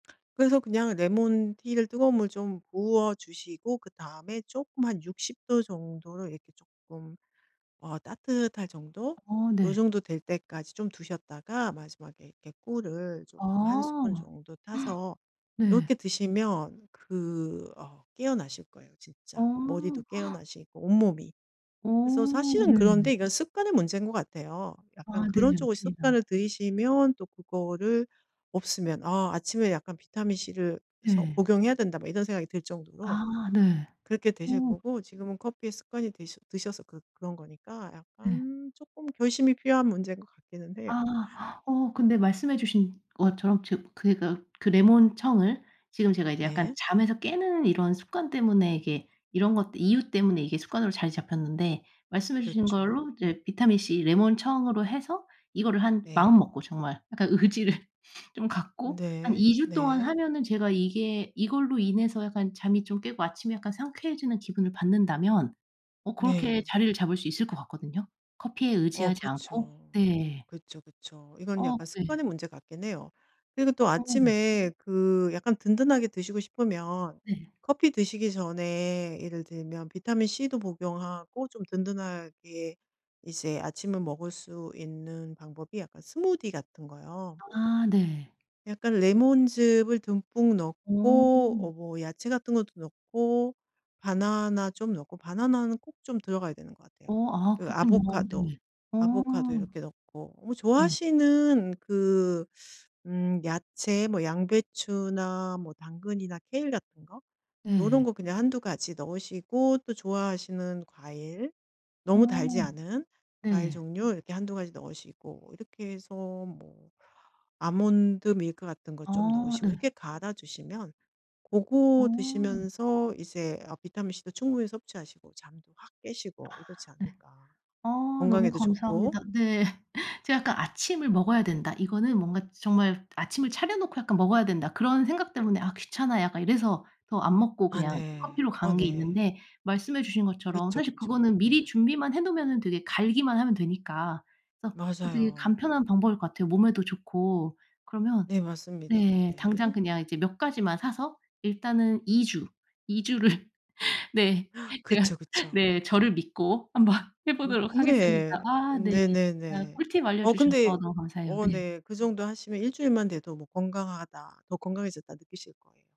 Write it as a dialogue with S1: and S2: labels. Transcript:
S1: 그래서 그냥 레몬 티를 뜨거운 물 좀 부어주시고 그다음에 쪼끔 한 60 도 정도로 이렇게 쪼끔 어 따뜻할 정도
S2: 어
S1: 요
S2: 네.
S1: 정도 될 때까지 좀 두셨다가 마지막에 이렇게 꿀을 쪼끔 1 스푼
S2: 아.
S1: 정도 타서
S2: 네.
S1: 이렇게 드시면 그 어 깨어나실 거예요
S2: 어.
S1: 진짜. 머리도 깨어나시고 온몸이.
S2: 어
S1: 그래서 사실은
S2: 네.
S1: 그런데 이건 습관의 문제인 것 같아요. 약간
S2: 아 네
S1: 그런 쪽을
S2: 맞습니다.
S1: 습관을 들이시면 또 그거를 없으면 '아 아침에 약간 비타민 C를 그래서
S2: 네.
S1: 복용해야 된다.' 뭐 이런 생각이 들 정도로
S2: 아 네.
S1: 그렇게 되실
S2: 어.
S1: 거고 지금은 커피에 습관이 드셔 드셔서 그 그런 거니까
S2: 네.
S1: 약간 쪼끔 결심이 필요한 문제인 것 같기는 해요.
S2: 아. 어 근데 말씀해 주신 것처럼 저 그러니까 그 레몬 청을 지금 제가 이제 약간
S1: 네.
S2: 잠에서 깨는 이런 습관 때문에 이게 이런 것들 이유 때문에 이게 습관으로 자리 잡혔는데 말씀해 주신 걸로
S1: 그렇죠.
S2: 이제 비타민c 레몬 청으로 해서 이거를 한
S1: 네.
S2: 마음먹고 정말 약간 의지를 좀 갖고 한
S1: 네.
S2: 2 주 동안
S1: 네.
S2: 하면은 제가 이게 이걸로 인해서 약간 잠이 좀 깨고 아침에 약간 상쾌해지는 기분을 받는다면 어 그렇게
S1: 네.
S2: 자리를 잡을 수 있을 것 같거든요 커피에
S1: 어
S2: 의지하지 않고.
S1: 그쵸.
S2: 네.
S1: 그쵸, 그쵸. 이건
S2: 어
S1: 약간
S2: 네.
S1: 습관의 문제 같기는 해요. 그리고 또
S2: 아 네.
S1: 아침에 그 약간 든든하게 드시고 싶으면
S2: 네.
S1: 커피 드시기 전에 예를 들면 비타민 C도 복용하고 좀 든든하게 이제 아침을 먹을 수 있는 방법이 약간 스무디 같은 거요.
S2: 아 네.
S1: 약간 레몬즙을 듬뿍 넣고 어
S2: 어.
S1: 뭐 야채 같은 것도 넣고 바나나 좀 넣고 바나나는 꼭 좀 들어가야 되는 것 같아요.
S2: 어 아
S1: 그
S2: 그렇군요.
S1: 아보카도,
S2: 네. 어.
S1: 아보카도 이렇게 넣고. 뭐
S2: 네.
S1: 좋아하시는 그 음 야채 뭐 양배추나 뭐 당근이나 케일 같은 거 요런
S2: 네.
S1: 거 그냥 1-2 가지 넣으시고 또 좋아하시는 과일
S2: 어.
S1: 너무 달지 않은 과일
S2: 네.
S1: 종류 이렇게 1-2 가지 넣으시고 이렇게 해서 뭐 아몬드 밀크 같은 거 좀
S2: 아
S1: 넣으시고
S2: 네.
S1: 이렇게 갈아 주시면
S2: 아.
S1: 고거 드시면서 이제 아 비타민 C도 충분히 섭취하시고 잠도 확
S2: 아
S1: 깨시고 이렇지
S2: 네.
S1: 않을까
S2: 아 너무
S1: 건강에도 좋고.
S2: 감사합니다. 네. 제가 약간 '아침을 먹어야 된다. 이거는 뭔가 정말 아침을 차려 놓고 약간 먹어야 된다.' 그런 생각 때문에 '아 귀찮아.' 약간 이래서 더 안 먹고
S1: 아
S2: 그냥
S1: 네.
S2: 커피로
S1: 아
S2: 간 게
S1: 네.
S2: 있는데 말씀해 주신 것처럼
S1: 그쵸,
S2: 사실
S1: 그쵸.
S2: 그거는
S1: 네.
S2: 미리 준비만 해 놓으면은 되게 갈기만 하면 되니까 그래서 어 되게
S1: 맞아요.
S2: 간편한 방법일 것 같아요 몸에도 좋고. 그러면
S1: 네 맞습니다.
S2: 네 당장
S1: 네.
S2: 그냥 이제 몇 가지만 사서 일단은 2 주, 2 주를 네 제가
S1: 그쵸,
S2: 네
S1: 그쵸.
S2: 저를 믿고 한번 해
S1: 음
S2: 보도록 하겠습니다.
S1: 네.
S2: 아 네. 아
S1: 네네네.
S2: 꿀팁
S1: 어
S2: 알려주셔서
S1: 근데
S2: 너무 감사해요.
S1: 어
S2: 네.
S1: 네 그 정도 하시면 1 주일만 돼도 뭐 '건강하다.', '더 건강해졌다.' 느끼실 거예요.